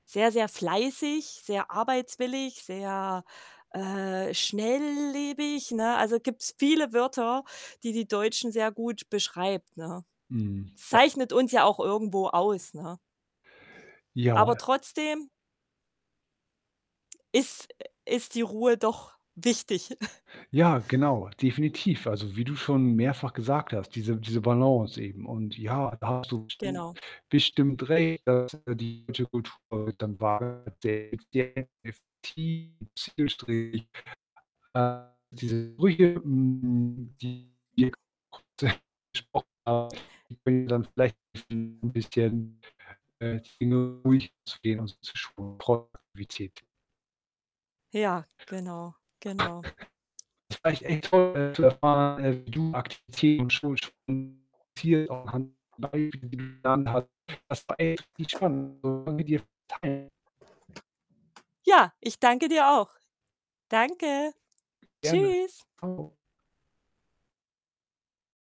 Sehr sehr fleißig, sehr arbeitswillig, sehr, äh, schnelllebig, ne? Also, gibt's viele Wörter, die die Deutschen sehr gut beschreibt, ne? Mhm, gab's Zeichnet uns ja auch irgendwo aus, ne? Aber Ja. trotzdem ist äh, ist die Ruhe doch wichtig. Ja, genau, definitiv. Also, wie du schon mehrfach gesagt hast, diese diese Balance eben und, ja, da hast du bestimmt Genau. bestimmt recht, dass die deutsche Kultur [unintelligible] zielstrebig. Äh, diese Brücke, hm, [unintelligible] besprochen haben, die kann dir dann vielleicht helfen, 'n bisschen, äh, die Dinge ruhig anzugehen und. [unintelligible] Ja, genau, genau. Das war echt echt toll, äh, zu erfahren, äh, wie du [unintelligible] anhand der Beispiele, die du genannt hast. Das war echt richtig spannend [unintelligible] teilen. Ja, ich danke dir auch. Danke. Gerne. Tschüss. Tschau.